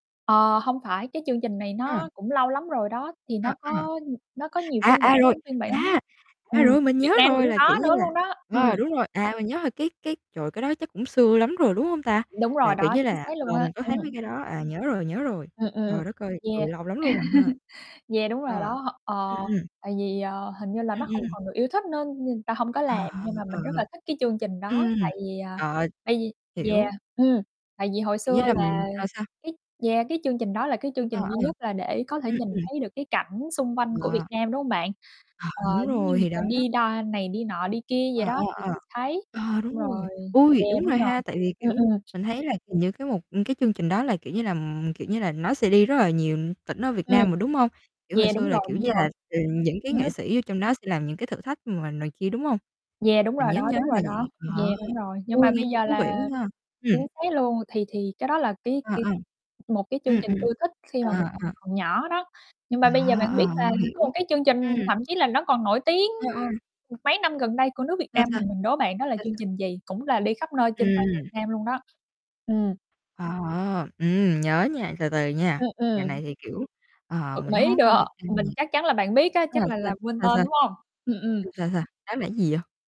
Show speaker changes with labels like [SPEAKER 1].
[SPEAKER 1] Ờ, hông phải cái chương trình này
[SPEAKER 2] Ừm.
[SPEAKER 1] nó cũng lâu lắm rồi đó, thì
[SPEAKER 2] Ờ,
[SPEAKER 1] nó
[SPEAKER 2] ừm.
[SPEAKER 1] có nó có nhiều
[SPEAKER 2] À,
[SPEAKER 1] phiên
[SPEAKER 2] à,
[SPEAKER 1] bản
[SPEAKER 2] rồi.
[SPEAKER 1] lắm, phiên bản
[SPEAKER 2] A, à,
[SPEAKER 1] ừm,
[SPEAKER 2] rồi, mình
[SPEAKER 1] Việt
[SPEAKER 2] nhớ
[SPEAKER 1] Nam
[SPEAKER 2] rồi
[SPEAKER 1] cũng
[SPEAKER 2] là, kiểu
[SPEAKER 1] có
[SPEAKER 2] như
[SPEAKER 1] nữa
[SPEAKER 2] là
[SPEAKER 1] luôn đó, ừm.
[SPEAKER 2] ờ, đúng rồi, à, mình nhớ là cái cái trời, cái đó chắc cũng xưa lắm rồi, đúng hông ta?
[SPEAKER 1] Đúng
[SPEAKER 2] Là,
[SPEAKER 1] rồi
[SPEAKER 2] kiểu
[SPEAKER 1] đó,
[SPEAKER 2] như
[SPEAKER 1] chính
[SPEAKER 2] là,
[SPEAKER 1] xác luôn
[SPEAKER 2] ờ,
[SPEAKER 1] á,
[SPEAKER 2] mình có thấy mấy
[SPEAKER 1] ừm.
[SPEAKER 2] cái đó, à, nhớ rồi nhớ rồi.
[SPEAKER 1] Ừm, ừm,
[SPEAKER 2] Trời đất ơi!
[SPEAKER 1] yeah.
[SPEAKER 2] Trời, lâu lắm luôn rồi ha.
[SPEAKER 1] Yeah, đúng rồi
[SPEAKER 2] Ờ.
[SPEAKER 1] đó, h
[SPEAKER 2] Ừm,
[SPEAKER 1] ờ,
[SPEAKER 2] ừm.
[SPEAKER 1] tại vì, ờ, hình như là nó
[SPEAKER 2] Ừm,
[SPEAKER 1] không
[SPEAKER 2] ừm.
[SPEAKER 1] còn được yêu thích nên nên người ta hông có
[SPEAKER 2] Ờ,
[SPEAKER 1] làm nhưng mà
[SPEAKER 2] ờ,
[SPEAKER 1] mình rất
[SPEAKER 2] ừ, ừm.
[SPEAKER 1] là thích cái chương trình đó,
[SPEAKER 2] Ừm.
[SPEAKER 1] tại vì, à,
[SPEAKER 2] Ờ,
[SPEAKER 1] bây gi yeah,
[SPEAKER 2] hiểu.
[SPEAKER 1] ừm, tại vì hồi
[SPEAKER 2] Kiểu
[SPEAKER 1] xưa
[SPEAKER 2] như là mình
[SPEAKER 1] là
[SPEAKER 2] ờ, sao?
[SPEAKER 1] cái yeah, cái chương trình đó là cái chương
[SPEAKER 2] À,
[SPEAKER 1] trình duy
[SPEAKER 2] ờ.
[SPEAKER 1] nhất là để có thể
[SPEAKER 2] Ừm,
[SPEAKER 1] nhìn
[SPEAKER 2] ừm.
[SPEAKER 1] thấy được cái cảnh xung quanh của Việt
[SPEAKER 2] Là
[SPEAKER 1] Nam, đúng hông bạn?
[SPEAKER 2] Ờ,
[SPEAKER 1] Ờ,
[SPEAKER 2] đúng
[SPEAKER 1] giống như
[SPEAKER 2] rồi
[SPEAKER 1] người
[SPEAKER 2] thì
[SPEAKER 1] ta
[SPEAKER 2] đó.
[SPEAKER 1] đi đa này, đi nọ đi kia vậy
[SPEAKER 2] Ờ, ờ,
[SPEAKER 1] đó thì
[SPEAKER 2] ờ.
[SPEAKER 1] thì thấy,
[SPEAKER 2] Ờ, đúng
[SPEAKER 1] xong
[SPEAKER 2] rồi,
[SPEAKER 1] rồi
[SPEAKER 2] ôi,
[SPEAKER 1] yeah,
[SPEAKER 2] đúng
[SPEAKER 1] đúng
[SPEAKER 2] rồi
[SPEAKER 1] rồi,
[SPEAKER 2] ha, tại vì,
[SPEAKER 1] ờ,
[SPEAKER 2] kiểu,
[SPEAKER 1] ừm.
[SPEAKER 2] mình thấy là c những cái mục ừ, cái chương trình đó là, kiểu như là kiểu như là, nó sẽ đi rất là nhiều tỉnh ở Việt
[SPEAKER 1] Ừm.
[SPEAKER 2] Nam mà, đúng hông? Kiểu hồi
[SPEAKER 1] Yeah,
[SPEAKER 2] xưa
[SPEAKER 1] đúng
[SPEAKER 2] là,
[SPEAKER 1] rồi,
[SPEAKER 2] kiểu
[SPEAKER 1] đúng
[SPEAKER 2] như
[SPEAKER 1] rồi.
[SPEAKER 2] là, ờ, những cái nghệ
[SPEAKER 1] [unintelligible]
[SPEAKER 2] sĩ vô trong đó sẽ làm những cái thử thách mà này kia, đúng hông?
[SPEAKER 1] Yeah, đúng
[SPEAKER 2] Mình
[SPEAKER 1] rồi
[SPEAKER 2] nhớ
[SPEAKER 1] đó,
[SPEAKER 2] nhớ
[SPEAKER 1] đúng
[SPEAKER 2] là
[SPEAKER 1] rồi đó.
[SPEAKER 2] vậy, ờ,
[SPEAKER 1] Yeah, đúng rồi, nhưng
[SPEAKER 2] ôi,
[SPEAKER 1] mà
[SPEAKER 2] nghe
[SPEAKER 1] bây
[SPEAKER 2] cũng
[SPEAKER 1] giờ
[SPEAKER 2] thú vị
[SPEAKER 1] là
[SPEAKER 2] quá ha. Ừm.
[SPEAKER 1] chính xác luôn thì thì cái đó là cái
[SPEAKER 2] À,
[SPEAKER 1] cái
[SPEAKER 2] à.
[SPEAKER 1] một cái chương
[SPEAKER 2] Ừm,
[SPEAKER 1] trình
[SPEAKER 2] ừm.
[SPEAKER 1] ưa thích khi mà mình
[SPEAKER 2] À, à.
[SPEAKER 1] hồi còn nhỏ đó, nhưng
[SPEAKER 2] Ờ,
[SPEAKER 1] mà bây giờ bạn biết
[SPEAKER 2] ờ,
[SPEAKER 1] là
[SPEAKER 2] hiểu.
[SPEAKER 1] có một cái chương trình
[SPEAKER 2] Ừm.
[SPEAKER 1] thậm chí là nó còn nổi tiếng,
[SPEAKER 2] Ờ, ờm.
[SPEAKER 1] mấy năm gần đây của nước Việt
[SPEAKER 2] Sao,
[SPEAKER 1] Nam
[SPEAKER 2] sao?
[SPEAKER 1] mình, mình đố bạn đó là
[SPEAKER 2] Sao,
[SPEAKER 1] chương
[SPEAKER 2] sa
[SPEAKER 1] trình gì? Cũng là đi khắp nơi trên toàn
[SPEAKER 2] Ừm.
[SPEAKER 1] Việt Nam luôn đó. Ừm.
[SPEAKER 2] Wow, ờm, ừm, nhớ nha, từ từ nha,
[SPEAKER 1] Ừm,
[SPEAKER 2] dạo
[SPEAKER 1] ừm.
[SPEAKER 2] này thì, kiểu, ờ,
[SPEAKER 1] Bật
[SPEAKER 2] mình
[SPEAKER 1] mí
[SPEAKER 2] hông có coi
[SPEAKER 1] đọ,
[SPEAKER 2] Việt Nam
[SPEAKER 1] mình
[SPEAKER 2] nhiều.
[SPEAKER 1] chắc chắn là bạn biết á,
[SPEAKER 2] Nó
[SPEAKER 1] chắc
[SPEAKER 2] là
[SPEAKER 1] là
[SPEAKER 2] sao?
[SPEAKER 1] là quên
[SPEAKER 2] Hay
[SPEAKER 1] tên,
[SPEAKER 2] sao?
[SPEAKER 1] đúng hông? Ừm, ừm.
[SPEAKER 2] Sa sao, đó là gì vậy?